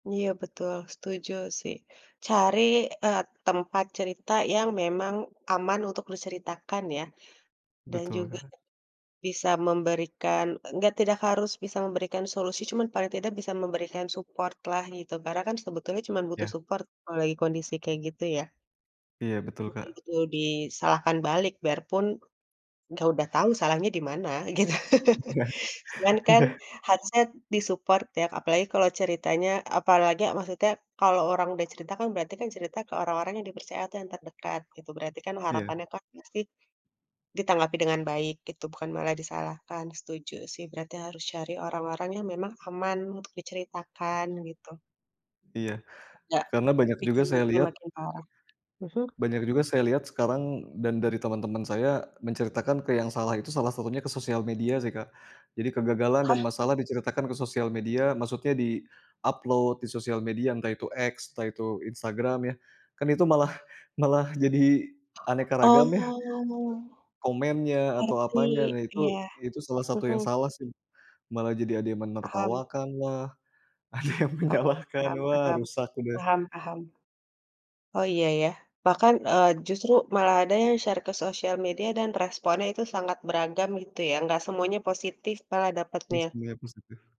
Iya betul, setuju sih. Cari, eee, tempat cerita yang memang aman untuk diceritakan ya, dan juga Betul. bisa memberikan nggak tidak harus bisa memberikan solusi cuma paling tidak bisa memberikan support-lah, gitu. Karena kan sebetulnya cuma butuh Ya. support kalau lagi kondisi kayak gitu ya. Iya betul, Mhm, Kak. betul disalahkan balik, biarpun, dia udah tahu salahnya di mana, gitu. Ya, Sedangkan, iya. harusnya di-support ya, apalagi kalau ceritanya apalagi maksudnya, kalau orang udah cerita kan berarti kan cerita ke orang-orang yang dipercaya atau yang terdekat, gitu. Berarti kan, Ya. harapannya kan pasti, ditanggapi dengan baik gitu, bukan malah disalahkan. Setuju sih, berarti harus cari orang-orang yang memang aman untuk diceritakan, gitu. Iya, Nggak, karena banyak juga bikin saya mood-nya lihat, eee makin parah. Mhm. banyak juga saya lihat sekarang dan dari teman-teman saya, menceritakan ke yang salah itu, salah satunya ke sosial media sih Kak. Jadi kegagalan Hah? dan masalah diceritakan ke sosial media, maksudnya di-upload di sosial media entah itu X, entah itu instagram ya, kan itu malah malah jadi aneka Oh. ragam ya, e komennya, atau Ngerti, apanya, nah itu iya. itu salah satu Mhm. yang salah sih. Malah jadi ada yang Paham. menertawakanlah, ada yang Paham menyalahkan. paham Wah, paham, rusak udah. paham paham. Oh, iya ya. Bahkan, eee, justru malah ada yang share ke sosial media dan responnya itu sangat beragam, gitu ya. Nggak semuanya positif malah Oke dapetnya. siap, positif.